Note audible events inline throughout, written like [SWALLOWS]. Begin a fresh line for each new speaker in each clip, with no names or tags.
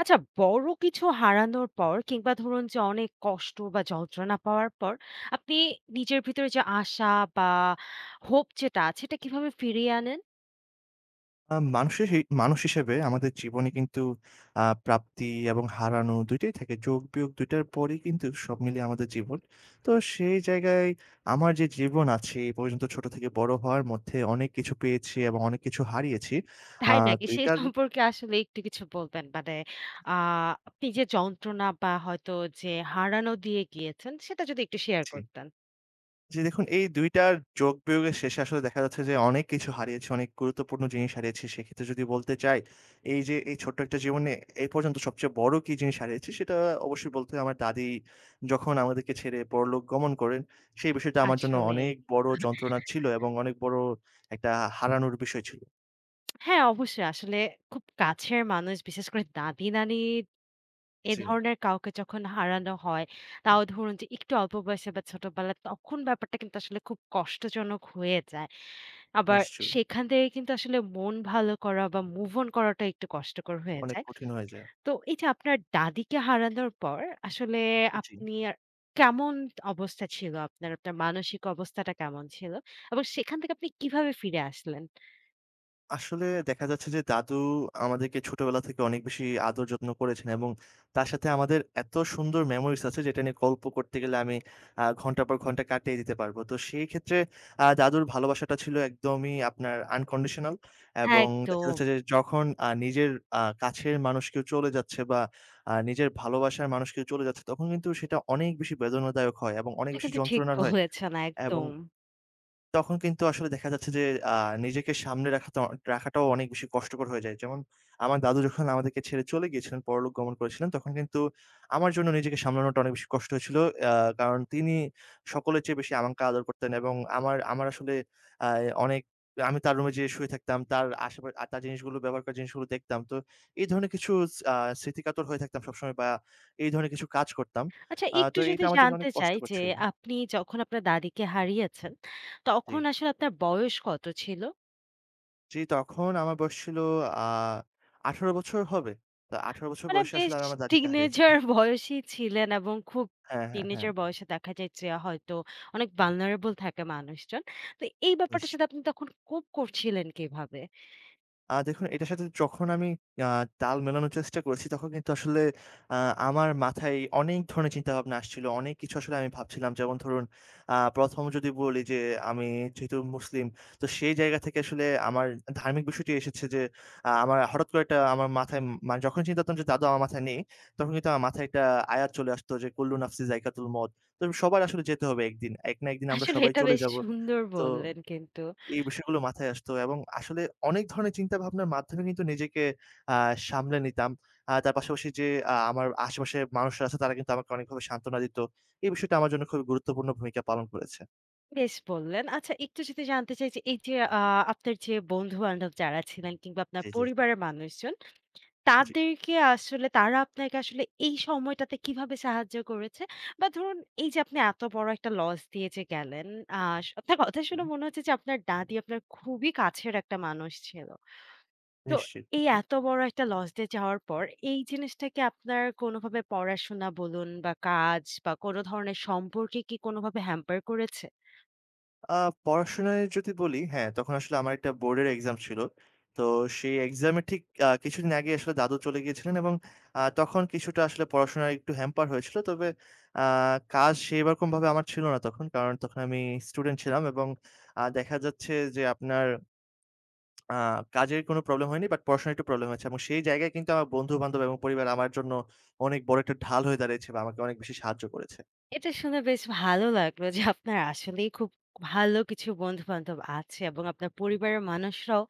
আচ্ছা, বড় কিছু হারানোর পর কিংবা ধরুন যে অনেক কষ্ট বা যন্ত্রণা পাওয়ার পর আপনি নিজের ভেতরে যে আশা বা hope যেটা আছে সেটা কিভাবে ফিরিয়ে আনেন?
আ মানশাসি মানুষ হিসেবে আমাদের জীবনে কিন্তু অ্যা প্রাপ্তি এবং হারানো ২ টাই থাকে। যোগ-বিয়োগ ২ টার পরেই কিন্তু সব মিলিয়ে আমাদের জীবন। তো সেই জায়গায় আমার যে জীবন আছে এ পর্যন্ত ছোট থেকে বড় হওয়ার মধ্যে অনেক কিছু পেয়েছি এবং অনেক কিছু হারিয়েছি। আ
তাই নাকি?
২
সে
টার
সম্পর্কে আসলে একটু কিছু বলবেন। মানে, আ আপনি যে যন্ত্রণা বা হয়তো যে হারানোর দিয়ে গিয়েছেন সেটা যদি একটু share
জ্বি।
করতেন।
জ্বি। দেখুন এই ২ টার যোগ-বিয়োগের শেষে আসলে দেখা যাচ্ছে যে অনেক কিছু হারিয়েছি, অনেক গুরুত্বপূর্ণ জিনিস হারিয়েছি। সেক্ষেত্রে যদি বলতে চাই এই যে এই ছোট্ট একটা জীবনে এ পর্যন্ত সবচেয়ে বড় কি জিনিস হারিয়েছি সেটা অবশ্যই বলতে হবে আমার দাদী যখন আমাদেরকে ছেড়ে পরলোক গমন করেন সেই বিষয়টা আমার জন্য
আসলেই।
অনেক
[CHUCKLES]
বড় যন্ত্রণা ছিল এবং অনেক বড় একটা হারানোর বিষয় ছিল।
হ্যাঁ, অবশ্যই। আসলে খুব কাছের মানুষ, বিশেষ করে দাদি-নানি এই
জ্বি।
ধরনের কাউকে যখন হারানো হয় তাও ধরুন যে একটু অল্প বয়সে বা ছোটবেলায় তখন ব্যাপারটা কিন্তু আসলে খুব কষ্টজনক হয়ে যায়। আবার
নিশ্চয়।
সেখান থেকে কিন্তু আসলে মন ভালো করা বা move on করাটা একটু কষ্টকর হয়ে
অনেক
যায়।
কঠিন হয়ে যায়।
তো এই যে আপনার দাদিকে হারানোর পর আসলে
জ্বি।
আপনি আর কেমন অবস্থা ছিল আপনার? আপনার মানসিক অবস্থাটা কেমন ছিল এবং সেখান থেকে আপনি কিভাবে ফিরে আসলেন?
আসলে দেখা যাচ্ছে যে, দাদু আমাদেরকে ছোটবেলা থেকে অনেক বেশি আদর-যত্ন করেছেন এবং তার সাথে আমাদের এত সুন্দর memories আছে যেটা নিয়ে গল্প করতে গেলে আমি আ ঘণ্টা পর ঘণ্টা কাটিয়ে দিতে পারব। তো সেই ক্ষেত্রে আ দাদুর ভালোবাসাটা ছিল একদমই আপনার unconditional এবং দেখা
একদম।
যাচ্ছে যে যখন আ নিজের আ কাছের মানুষ কেউ চলে যাচ্ছে বা, আ নিজের ভালোবাসার মানুষ কেউ চলে যাচ্ছে তখন কিন্তু সেটা অনেক বেশি বেদনাদায়ক হয় এবং অনেক
এটা
বেশি
কিন্তু ঠিক
যন্ত্রণার হয়
বলেছেন,
এবং
একদম।
তখন কিন্তু আসলে দেখা যাচ্ছে যে আ নিজেকে সামলে রাখাতা রাখাটাও অনেক বেশি কষ্টকর হয়ে যায়। যেমন আমার দাদু যখন আমাদেরকে ছেড়ে চলে গিয়েছিলেন, পরলোক গমন করেছিলেন তখন কিন্তু আমার জন্য নিজেকে সামলানোটা অনেক বেশি কষ্ট হয়েছিল। অ্যাঁ কারণ তিনি সকলের চেয়ে বেশি আমাকে আদর করতেন এবং আমার আমার আসলে আ অনেক আমি তার রুমে যেয়ে শুয়ে থাকতাম, তার আশেপাশে তার জিনিসগুলো ব্যবহার করা জিনিসগুলো দেখতাম। তো এই ধরনের কিছু আ স্মৃতিকাতর হয়ে থাকতাম সবসময় বা, এই ধরনের কিছু কাজ করতাম।
আচ্ছা,
আ তো
একটু
এইটা
যদি
আমার জন্য অনেক
জানতে চাই
কষ্টকর
যে,
ছিল।
আপনি যখন আপনার দাদিকে হারিয়েছেন তখন
জি।
আসলে আপনার বয়স কত ছিল?
জি, তখন আমার বয়স ছিল আ ১৮ বছর হবে। তো ১৮ বছর
মানে
বয়সে আসলে
বেশ
আমি আমার দাদীকে হারিয়েছি।
teenager বয়সেই ছিলেন, এবং খুব
হ্যাঁ, হ্যাঁ, হ্যাঁ।
teenager বয়সে দেখা যায় যে হয়তো অনেক vulnerable থাকে মানুষজন। তো এই ব্যাপারটার
নিশ্চয়।
সাথে আপনি তখন cope করছিলেন কিভাবে?
আ দেখুন এটার সাথে যখন আমি আ তাল মেলানোর চেষ্টা করেছি, তখন কিন্তু আসলে আ আমার মাথায় অনেক ধরনের চিন্তাভাবনা আসছিল অনেক কিছু আসলে আমি ভাবছিলাম। যেমন ধরুন আ ১ম যদি বলি যে আমি যেহেতু মুসলিম, তো সেই জায়গা থেকে আসলে আমার ধার্মিক বিষয়টি এসেছে যে আ আমার হঠাৎ করে এটা আমার মাথায় উম মানে যখনই চিন্তা করতাম যে দাদু আমার মাথায় নেই তখন কিন্তু আমার মাথায় ১ টা আয়াত চলে আসত যে, কুল্লু নাফসি জাইকাতুল মউত। তো সবার আসলে যেতে হবে ১ দিন। ১ না ১ দিন আমরা
আসলে
সবাই
এটা
চলে
বেশ
যাব।
সুন্দর
তো
বললেন কিন্তু।
এই বিষয়গুলো মাথায় আসত এবং আসলে অনেক ধরনের চিন্তাভাবনার মাধ্যমে কিন্তু নিজেকে আ সামলে নিতাম। আ তার পাশাপাশি যে আ আমার আশেপাশে মানুষরা আছে তারা কিন্তু আমাকে অনেকভাবে সান্ত্বনা দিত এই বিষয়টা আমার জন্য খুব গুরুত্বপূর্ণ ভূমিকা পালন করেছে।
বেশ বললেন। আচ্ছা, একটু যদি জানতে চাই যে, এই যে আ আপনার যে বন্ধু-বান্ধব যারা ছিলেন, কিংবা আপনার
জি, জি, জি।
পরিবারের মানুষজন
জি।
তাদেরকে আসলে তারা আপনাকে আসলে এই সময়টাতে কিভাবে সাহায্য করেছে? বা ধরুন এই যে আপনি এত বড় একটা loss দিয়ে যে গেলেন আ স আপনার কথা শুনে
জি।
মনে হচ্ছে যে আপনার দাদি আপনার খুবই কাছের একটা মানুষ ছিল। তো
নিশ্চয়।
এই এত বড় একটা loss দিয়ে যাওয়ার পর এই জিনিস থেকে আপনার কোনোভাবে পড়াশোনা বলুন বা কাজ বা কোন ধরনের সম্পর্কে কি কোনোভাবে hamper করেছে?
আ পড়াশোনায় যদি বলি; হ্যাঁ, তখন আসলে আমার একটা বোর্ডের exam ছিল। তো সেই exam-এর ঠিক আ কিছুদিন আগে আসলে দাদু চলে গিয়েছিলেন এবং আ তখন কিছুটা আসলে পড়াশোনা একটু hamper হয়েছিল। তবে আ কাজ সেইরকমভাবে আমার ছিল না তখন। কারণ তখন আমি student ছিলাম এবং আ দেখা যাচ্ছে যে আপনার [SMACKS LIPS] আ কাজের কোন problem হয়নি but পড়াশোনায় একটু problem হয়েছে এবং সেই জায়গায় কিন্তু আমার বন্ধু-বান্ধব এবং পরিবার আমার জন্য অনেক বড় একটা ঢাল হয়ে দাঁড়িয়েছে বা আমাকে অনেক বেশি সাহায্য করেছে।
এটা শুনে বেশ ভালো লাগলো যে আপনার আসলেই খুব ভালো কিছু বন্ধু-বান্ধব আছে এবং আপনার পরিবারের মানুষরাও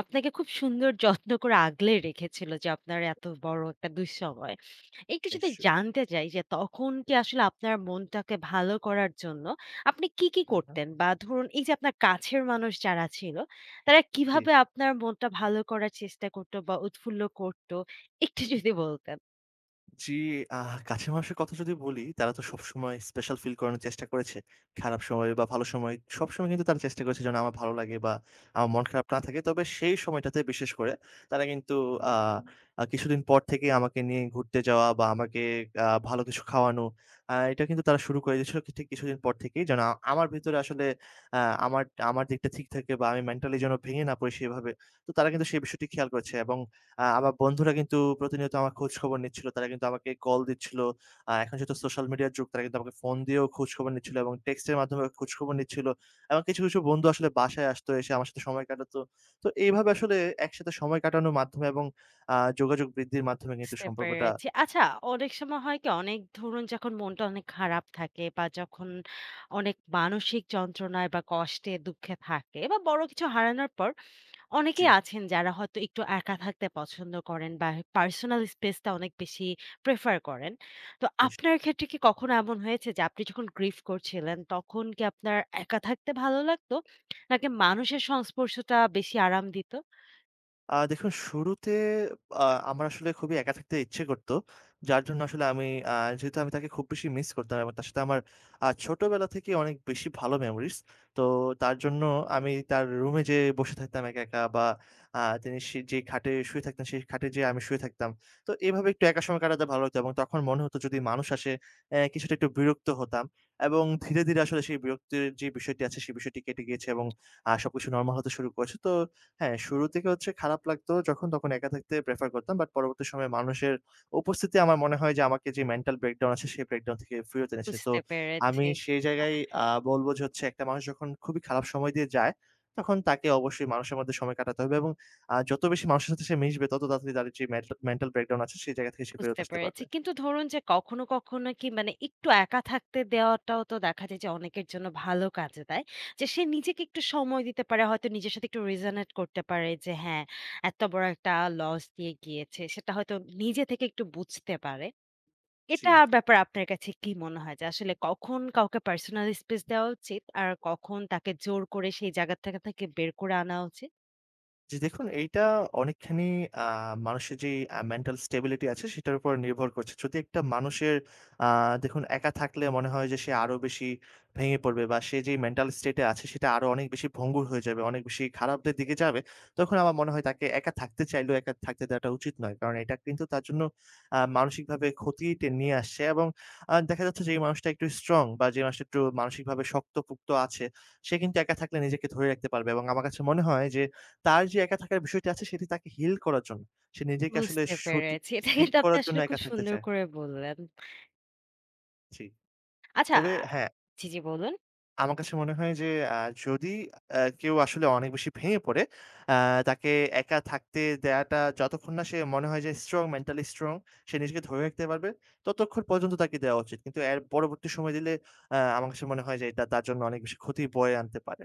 আপনাকে খুব সুন্দর যত্ন করে আগলে রেখেছিল যে আপনার এত বড় একটা দুঃসময়ে। একটু যদি
নিশ্চয়।
জানতে চাই যে, তখন কি আসলে আপনার মনটাকে ভালো করার জন্য আপনি কি, কি
হুম, হুম।
করতেন? বা ধরুন এই যে আপনার কাছের মানুষ যারা ছিল, তারা
জ্বি।
কিভাবে আপনার মনটা ভালো করার চেষ্টা করতো বা উৎফুল্ল করতো, একটু যদি বলতেন?
জ্বি, আ কাছের মানুষের কথা যদি বলি তারা তো সবসময় special feel করানোর চেষ্টা করেছে। খারাপ সময়ে বা ভালো সময়ে, সবসময় কিন্তু তারা চেষ্টা করেছে যেন আমার ভালো লাগে, বা আমার মন খারাপ না থাকে। তবে সেই সময়টাতে বিশেষ করে তারা কিন্তু আ আ কিছুদিন পর থেকেই আমাকে নিয়ে ঘুরতে যাওয়া বা আমাকে আ ভালো কিছু খাওয়ানো, আ এটা কিন্তু তারা শুরু করে দিছিল কি ঠিক কিছুদিন পর থেকেই। যেন আমার ভেতরে আসলে আ আমার আমার দিকটা ঠিক থাকে বা আমি mentally যেন ভেঙে না পড়ি সেভাবে। তো তারা কিন্তু সেই বিষয়টি খেয়াল করেছে এবং আ আমার বন্ধুরা কিন্তু প্রতিনিয়ত আমার খোঁজখবর নিচ্ছিল। তারা কিন্তু আমাকে call দিচ্ছিল। আ এখন যেহেতু social media-র যুগ তারা কিন্তু আমাকে phone দিয়েও খোঁজখবর নিচ্ছিল এবং text এর মাধ্যমেও খোঁজখবর নিচ্ছিল এবং কিছু, কিছু বন্ধু আসলে বাসায় আসতো এসে আমার সাথে সময় কাটাতো। তো এইভাবে আসলে একসাথে সময় কাটানোর মাধ্যমে এবং আ যোগাযোগ বৃদ্ধির মাধ্যমে কিন্তু
বুঝতে
সম্পর্কটা
পেরেছি। আচ্ছা, অনেক সময় হয় কি? অনেক ধরুন যখন মনটা অনেক খারাপ থাকে বা যখন অনেক মানসিক যন্ত্রণায় বা কষ্টে, দুঃখে থাকে বা বড় কিছু হারানোর পর,
জ্বি।
অনেকেই আছেন যারা হয়তো একটু একা থাকতে পছন্দ করেন, বা personal space টা অনেক বেশি prefer করেন। তো
নিশ্চয়ই।
আপনার ক্ষেত্রে কি কখনো এমন হয়েছে যে, আপনি যখন grief করছিলেন তখন কি আপনার একা থাকতে ভালো লাগতো নাকি মানুষের সংস্পর্শটা বেশি আরাম দিত?
আ দেখুন শুরুতে আ আমার আসলে খুবই একা থাকতে ইচ্ছে করতো। যার জন্য আসলে আমি আ যেহেতু আমি তাকে খুব বেশি miss করতাম এবং তার সাথে আমার আ ছোটবেলা থেকেই অনেক বেশি ভালো memories। তো তার জন্য আমি তার রুমে যেয়ে বসে থাকতাম একা, একা বা আ তিনি সি যে খাটে শুয়ে থাকতেন সেই খাটে যেয়ে আমি শুয়ে থাকতাম। তো এভাবে একটু একা সময় কাটাতে ভালো লাগতো, এবং তখন মনে হতো যদি মানুষ আসে কিছুটা এ একটু বিরক্ত হতাম এবং ধীরে, ধীরে আসলে সেই বিরক্তির যে বিষয়টি আছে সেই বিষয়টি কেটে গিয়েছে, এবং সবকিছু normal হতে শুরু করেছে। তো হ্যাঁ, শুরু থেকে হচ্ছে খারাপ লাগতো যখন, তখন একা থাকতে prefer করতাম। বাট পরবর্তী সময়ে মানুষের উপস্থিতি আমার মনে হয় যে আমাকে যে mental breakdown আছে সেই breakdown থেকে ফিরত এনেছে। তো
বুঝতে
আমি
পেড়েছি।
সেই জায়গায় আ বলব যে হচ্ছে একটা মানুষ যখন খুবই খারাপ সময় দিয়ে যায় তখন তাকে অবশ্যই মানুষের মধ্যে সময় কাটাতে হবে এবং আ যত বেশি মানুষের সাথে সে মিশবে তত তাড়াতাড়ি তার যে menta mental breakdown আছে সেই জায়গা থেকে সে ফেরত
বুঝতে
আসতে পারবে।
পেরেছি। কিন্তু ধরুন যে কখনো, কখনো কি মানে একটু একা থাকতে দেওয়াটাও তো দেখা যায় যে অনেকের জন্য ভালো কাজে দেয়। যে সে নিজেকে একটু সময় দিতে পারে। হয়তো নিজের সাথে একটু resonate করতে পারে যে হ্যাঁ, এত বড় একটা loss দিয়ে গিয়েছে সেটা হয়তো নিজে থেকে একটু বুঝতে পারে।
জি।
এটার ব্যাপারে আপনার কাছে কি মনে হয়? যে আসলে কখন কাউকে personal space দেওয়া উচিত আর কখন তাকে জোর করে সেই জায়গা থেকে তাকে বের করে আনা উচিত?
জি, দেখুন এইটা অনেকখানি আ মানুষের যেই আ mental stability আছে সেটার উপর নির্ভর করছে। যদি একটা মানুষের আ দেখুন একা থাকলে মনে হয় যে সে আরও বেশি ভেঙে পড়বে বা সে যেই mental state এ আছে সেটা আরও অনেক বেশি ভঙ্গুর হয়ে যাবে, অনেক বেশি খারাপের দিকে যাবে। তখন আমার মনে হয় তাকে একা থাকতে চাইলেও একা থাকতে দেওয়াটা উচিত নয়। কারণ এটা কিন্তু তার জন্য অ্যা মানসিকভাবে ক্ষতিটা নিয়ে আসছে এবং আ দেখা যাচ্ছে যে এই মানুষটা একটু strong বা যে মানুষটা একটু মানসিকভাবে শক্তপোক্ত আছে, সে কিন্তু একা থাকলে নিজেকে ধরে রাখতে পারবে, এবং আমার কাছে মনে হয় যে তার যে একা থাকার বিষয়টি আছে সেটি তাকে heal করার জন্য। সে নিজেকে আসলে
বুঝতে
সঠিক
পেরেছি। এটা
ঠিক
কিন্তু আপনি
করার জন্য
আসলে
একা
খুব
থাকতে
সুন্দর
চায়।
করে বললেন।
জি।
আচ্ছা
তবে হ্যাঁ
জি, জি বলুন।
আমার কাছে মনে হয় যে অ্যা যদি অ্যা কেউ আসলে অনেক বেশি ভেঙে পড়ে, অ্যা তাকে একা থাকতে দেওয়াটা যতক্ষণ না সে মনে হয় যে strong, mentally strong সে নিজেকে ধরে রাখতে পারবে, ততক্ষণ পর্যন্ত তাকে দেওয়া উচিত। কিন্তু এর পরবর্তী সময় দিলে অ্যা আমার কাছে মনে হয় যে এটা তার জন্য অনেক বেশি ক্ষতি বয়ে আনতে পারে।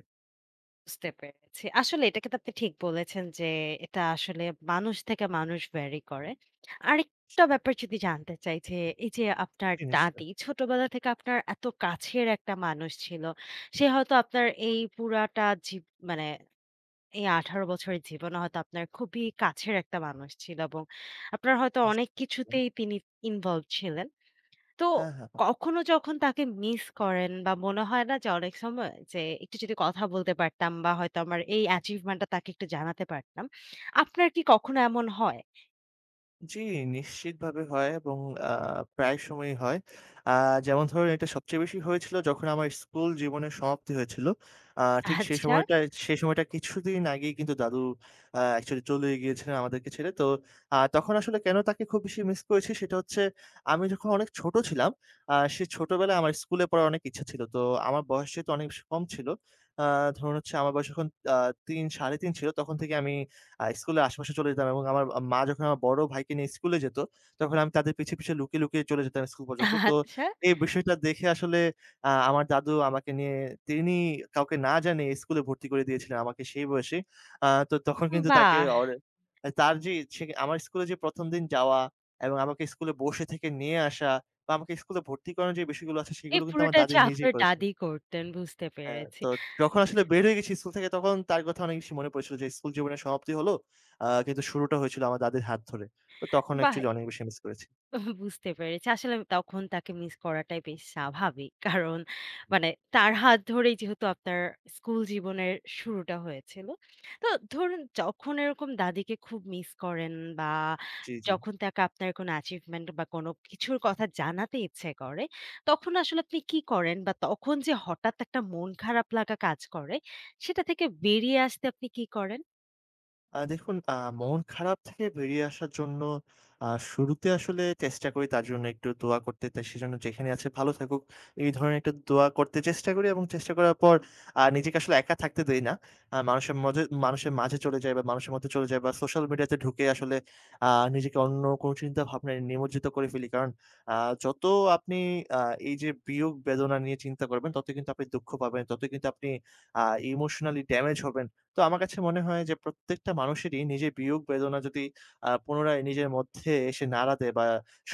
বুঝতে পেরেছি। আসলে এটা কিন্তু আপনি ঠিক বলেছেন যে এটা আসলে মানুষ থেকে মানুষ vary করে। [SMACKS LIPS] আরেকটা ব্যাপার যদি জানতে চাই যে, এই যে আপনার
জিনিসটা।
দাদী ছোটবেলা থেকে আপনার এত কাছের একটা মানুষ ছিল। সে হয়তো আপনার এই পুরাটা জীব মানে এই ১৮ বছরের জীবনে হয়তো আপনার খুবই কাছের একটা মানুষ ছিল এবং আপনার হয়তো অনেক
[UNINTELLIGIBLE]
কিছুতেই তিনি involved ছিলেন। তো
হ্যাঁ, হ্যাঁ, হ্যাঁ।
কখনো যখন তাকে miss করেন বা মনে হয় না যে অনেক সময়, যে "একটু যদি কথা বলতে পারতাম বা হয়তো আমার এই achievement টা তাকে একটু জানাতে পারতাম?" আপনার কি কখনো এমন হয়?
জ্বি, নিশ্চিতভাবে হয় এবং আ প্রায় সময়ই হয়। আ যেমন ধরুন এটা সবচেয়ে বেশি হয়েছিল যখন আমার school জীবনের সমাপ্তি হয়েছিল। আ ঠিক সেই
আচ্ছা।
সময়টায় সেই সময়টার কিছুদিন আগেই কিন্তু দাদু আ actually চলেই গিয়েছিলেন আমাদেরকে ছেড়ে। তো আ তখন আসলে কেন তাকে খুব বেশি miss করেছি সেটা হচ্ছে, আমি যখন অনেক ছোট ছিলাম আ সেই ছোটবেলায় আমার school এ পড়ার অনেক ইচ্ছা ছিল। তো আমার বয়স যেহেতু অনেক বেশি কম ছিল আ ধরুন হচ্ছে আমার বয়স তখন আ ৩ ৩.৫ ছিল, তখন থেকে আমি আ school এর আশেপাশে চলে যেতাম এবং আমার মা যখন আমার বড় ভাইকে নিয়ে school এ যেত। তখন আমি তাদের পিছে, পিছে লুকিয়ে, লুকিয়ে চলে যেতাম school পর্যন্ত। তো
আচ্ছা।
এই বিষয়টা দেখে আসলে আ আমার দাদু আমাকে নিয়ে, তিনি কাউকে না জানিয়েই school এ ভর্তি করে দিয়েছিলেন আমাকে সেই বয়সে। আ তো তখন কিন্তু
বাহ!
অর তার যে ইচ্ছে আমার school এ যে ১ দিন যাওয়া এবং আমাকে school এ বসে থেকে নিয়ে আসা বা আমাকে school এ ভর্তি করার যে বিষয়গুলো আছে
এই
সেগুলো কিন্তু আমার
পুরোটা
দাদি
হচ্ছে
নিজেই
আপনার
করেছিলেন
দাদী করতেন বুঝতে
হ্যাঁ,
পেরেছি।
তো যখন আসলে বের হয়ে গেছি school থেকে, তখন তার কথা অনেক বেশি মনে পড়েছিল যে school জীবনের সমাপ্তি হলো আ কিন্তু শুরুটা হয়েছিল আমার দাদির হাত ধরে। তো তখন
বাহ!
actually অনেক বেশি miss করেছি।
এ বুঝতে পেরেছি। আসলে তখন তাকে miss করাটাই বেশ স্বাভাবিক। কারণ, মানে তার হাত ধরেই যেহেতু আপনার school জীবনের শুরুটা হয়েছিল। তো ধরুন যখন এরকম দাদীকে খুব miss করেন বা যখন তাকে আপনার কোন achievement বা কোন কিছুর কথা জানাতে ইচ্ছে করে, তখন আসলে আপনি কি করেন? বা তখন যে হঠাৎ একটা মন খারাপ লাগা কাজ করে, সেটা থেকে বেরিয়ে আসতে আপনি কি করেন?
আ দেখুন আ মন খারাপ থেকে বেরিয়ে আসার জন্য আ শুরুতে আসলে চেষ্টা করি তার জন্য একটু দোয়া করতে। তো সে যেখানে আছে ভালো থাকুক এই ধরনের একটা দোয়া করতে চেষ্টা করি এবং চেষ্টা করার পর আ নিজেকে আসলে একা থাকতে দেই না। আ মানুষের মজে মানুষের মাঝে চলে যাই বা মানুষের মধ্যে চলে যাই বা social media তে ঢুকে আসলে আ নিজেকে অন্য কোনো চিন্তা ভাবনায় নিমজ্জিত করে ফেলি। কারণ আ যত আপনি আ এই যে বিয়োগ-বেদনা নিয়ে চিন্তা করবেন ততই কিন্তু আপনি দুঃখ পাবেন, ততই কিন্তু আপনি আ emotionally damage হবেন। তো আমার কাছে মনে হয় যে প্রত্যেকটা মানুষেরই নিজের বিয়োগ-বেদনা যদি আ পুনরায় নিজের মধ্যে এসে নাড়া দেয় বা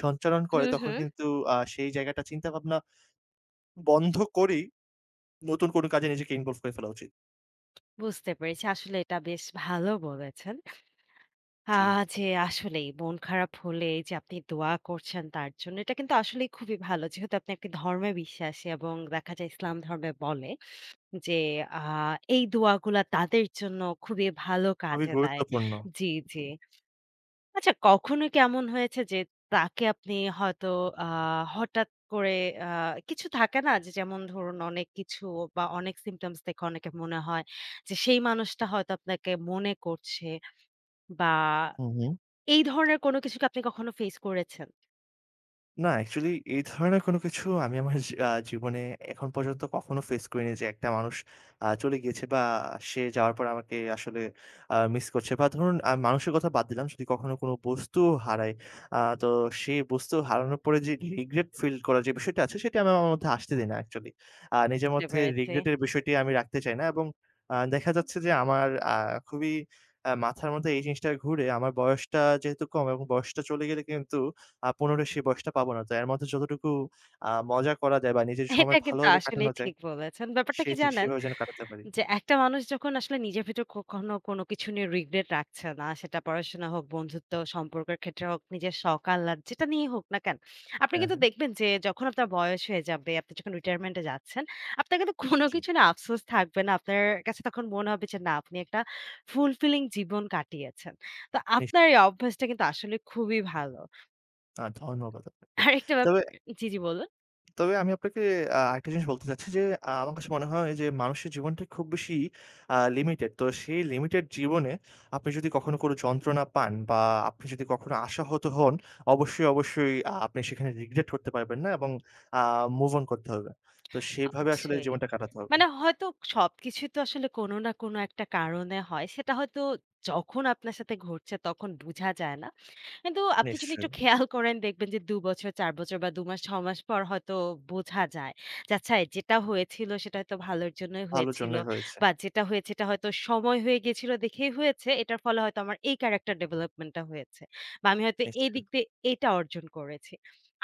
সঞ্চারন করে
হুম,
তখন
হুম।
কিন্তু আ সেই জায়গাটা চিন্তা-ভাবনা বন্ধ করেই [SWALLOWS] নতুন কোন কাজে নিজেকে involve করে ফেলা উচিত।
বুঝতে পেরেছি। আসলে এটা বেশ ভালো বলেছেন।
জি, স
আহ যে আসলেই মন খারাপ হলেই যে আপনি দোয়া করছেন তার জন্য এটা কিন্তু আসলেই খুবই ভালো। যেহেতু আপনি একটি ধর্মে বিশ্বাসী এবং দেখা যায় ইসলাম ধর্মে বলে যে আ এই দোয়াগুলা তাদের জন্য খুবই ভালো
খুবই
কাজে দেয়
গুরুত্বপূর্ণ।
জি, জি। আচ্ছা, কখনো কী এমন হয়েছে যে তাকে আপনি হয়তো আ হঠাৎ করে আ কিছু থাকে না? যে যেমন ধরুন অনেক কিছু বা অনেক, symptoms দেখে অনেকের মনে হয় যে, সেই মানুষটা হয়তো আপনাকে মনে করছে বা
হু, হুম।
এই ধরনের কোনো কিছু কী আপনি কখনো face করেছেন?
না actually এই ধরনের কোনো কিছু আমি আমার জি আ জীবনে এখন পর্যন্ত কখনো face করিনি যে, একটা মানুষ আ চলে গিয়েছে বা সে যাওয়ার পর আমাকে আসলে আ miss করছে। বা ধরুন আম মানুষের কথা বাদ দিলাম যদি কখনো কোনো বস্তুও হারায় আ তো সেই বস্তু হারানোর পরে যে regret feel করার যে বিষয়টি আছে, সেটা আমি আমার মধ্যে আসতে দেই না actually. আ নিজের
বুঝতে
মধ্যে
পেয়েছি।
regret এর বিষয়টি আমি রাখতে চাই না এবং আ দেখা যাচ্ছে যে আমার আ খুবই আ মাথার মধ্যে এই জিনিসটা ঘুরে। আমার বয়সটা যেহেতু কম এবং বয়সটা চলে গেলে কিন্তু আ পুনরায় সেই বয়সটা পাবো না। তাই এর মধ্যে যতটুকু আ মজা করা যায় বা নিজের
এটা
সময়
কিন্তু
ভালোভাবে
আসলেই
কাটানো যায়
ঠিক বলেছেন। ব্যাপারটা
সেই
কী
যে
জানেন?
সেভাবে যেন কাটাতে পারি।
যে একটা মানুষ যখন আসলে নিজের ভেতর কখনো কোনো কিছু নিয়ে regret রাখছে না, সেটা পড়াশোনা হোক, বন্ধুত্ব, সম্পর্কের ক্ষেত্রে হোক, নিজের শখ-আলাদা যেটা নিয়েই হোক না কেনো, আপনি
অ্যা
কিন্তু
হ্যাঁ।
দেখবেন যে, যখন আপনার বয়স হয়ে যাবে, আপনি যখন retirement -এ যাচ্ছেন, আপনার কিন্তু কোনো
জি।
কিছু নিয়ে আফসোস থাকবে না। আপনার কাছে তখন মনে হবে যে না, আপনি একটা fulfilling জীবন কাটিয়েছেন। তো
নিশ্
আপনার এই অভ্যাসটা কিন্তু আসলেই খুবই ভালো।
[SMACKS LIPS] আ ধন্যবাদ আপনাকে।
আরেকটা
তবে
ব্যাপার জি, জি বলুন।
তবে আমি আপনাকে আ আরেকটা জিনিস বলতে চাচ্ছি যে, আ আমার কাছে মনে হয় যে মানুষের জীবনটা খুব বেশি আ limited। তো সেই limited জীবনে আপনি যদি কখনো কোনো যন্ত্রণা পান বা আপনি যদি কখনো আশাহত হন, অবশ্যই, অবশ্যই আপনি সেখানে regret করতে পারবেন না এবং আ move on করতে হবে। তো সেইভাবে আসলে
অবশ্যই।
জীবনটা কাটাতে হবে।
মানে হয়তো সবকিছুই তো আসলে কোনো না কোনো একটা কারণে হয়। সেটা হয়তো যখন আপনার সাথে ঘটছে তখন বোঝা যায় না। কিন্তু আপনি যদি
নিশ্চয়ই।
একটু খেয়াল করেন দেখবেন যে দুবছর, বছর, ৪ বছর বা ২ মাস, ৬ মাস পর হয়তো বোঝা যায় যে আচ্ছা, যেটা হয়েছিল সেটা হয়তো ভালোর জন্যই
ভালোর
হয়েছিল
জন্যই হয়েছে।
বা, যেটা হয়েছে এটা হয়তো সময় হয়ে গিয়েছিল দেখেই হয়েছে। এটার ফলে হয়তো আমার এই character development-টা হয়েছে বা আমি হয়তো এই
নিশ্চয়ই।
দিক দিয়ে এইটা অর্জন করেছি।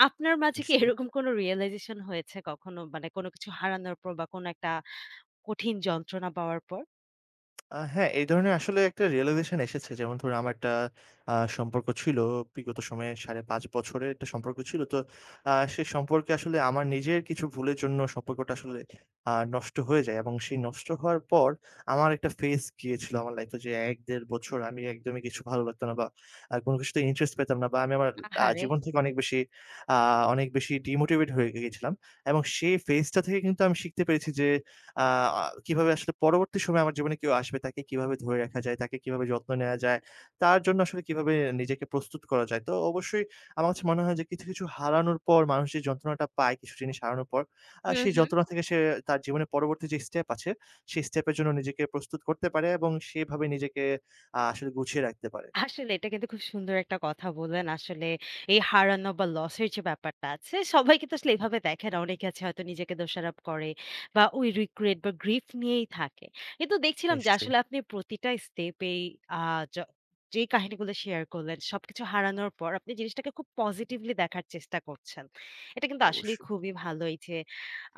আপনার মাঝে কি
নিশ্চয়ই।
এরকম কোনো realization হয়েছে কখনো? মানে কোনো কিছু হারানোর পর বা কোনো একটা কঠিন যন্ত্রণা পাওয়ার পর?
আ হ্যাঁ, এই ধরনের আসলে একটা realization এসেছে। যেমন ধরুন আমার একটা অ্যা সম্পর্ক ছিল, বিগত সময়ে ৫.৫ বছরের একটা সম্পর্ক ছিল। তো আ সে সম্পর্কে আসলে আ আমার নিজের কিছু ভুলের জন্য সম্পর্কটা আসলে আ নষ্ট হয়ে যায় এবং সেই নষ্ট হওয়ার পর আমার একটা phase গিয়েছিল আমার life-এ যে ১-১.৫ বছর আমি একদমই কিছু ভালো লাগতো না বা আর কোনো কিছুতে interest পেতাম না বা আমি আমার আ
আহারে!
জীবন থেকে অনেক বেশি আ অনেক বেশি demotivated হয়ে গিয়েছিলাম এবং সেই phase-টা থেকে কিন্তু আমি শিখতে পেরেছি যে আ কিভাবে আসলে পরবর্তী সময়ে আমার জীবনে কেউ আসবে তাকে কিভাবে ধরে রাখা যায়, তাকে কিভাবে যত্ন নেওয়া যায়, তার জন্য আসলে কিভাবে নিজেকে প্রস্তুত করা যায়। তো অবশ্যই আমার কাছে মনে হয় যে কিছু, কিছু হারানোর পর মানুষ যে যন্ত্রণাটা পায় কিছু জিনিস হারানোর পর, আ
হুম,
সেই
হুম।
যন্ত্রণা থেকে সে তার জীবনের পরবর্তী যে step আছে সেই step-এর জন্য নিজেকে প্রস্তুত করতে পারে এবং সেভাবে নিজেকে আ আসলে গুছিয়ে রাখতে পারে।
আসলে এটা কিন্তু খুব সুন্দর একটা কথা বললেন। আসলে এই হারানো বা loss-এর যে ব্যাপারটা আছে, সবাই কিন্তু আসলে এভাবে দেখে না। অনেকে আছে হয়তো নিজেকে দোষারোপ করে বা ওই regret বা grief নিয়েই থাকে। কিন্তু দেখছিলাম যে
নিশ্চয়ই।
আসলে আপনি প্রতিটা step-এই, আ য-যেই কাহিনীগুলো share করলেন, সবকিছু হারানোর পর আপনি জিনিসটাকে খুব positively দেখার চেষ্টা করছেন। এটা কিন্তু আসলেই
অবশ্যই।
খুবই ভালো এইযে,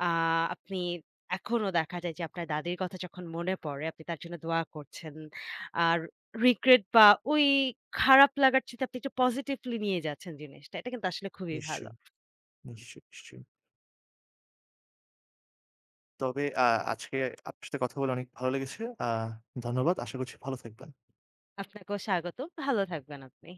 আ আপনি এখনো দেখা যায় যে আপনার দাদীর কথা যখন মনে পড়ে আপনি তার জন্য দোয়া করছেন। আর regret বা ওই খারাপ লাগার চাইতে আপনি একটু positively নিয়ে যাচ্ছেন জিনিসটা। এটা কিন্তু আসলে খুবই ভালো।
নিশ্চয়ই, নিশ্চয়ই, নিশ্চয়ই। তবে আ আজকে আপনার সাথে কথা বলে অনেক ভালো লেগেছে। আ ধন্যবাদ। আশা করছি ভালো থাকবেন।
আপনাকেও স্বাগতম। ভালো থাকবেন আপনি।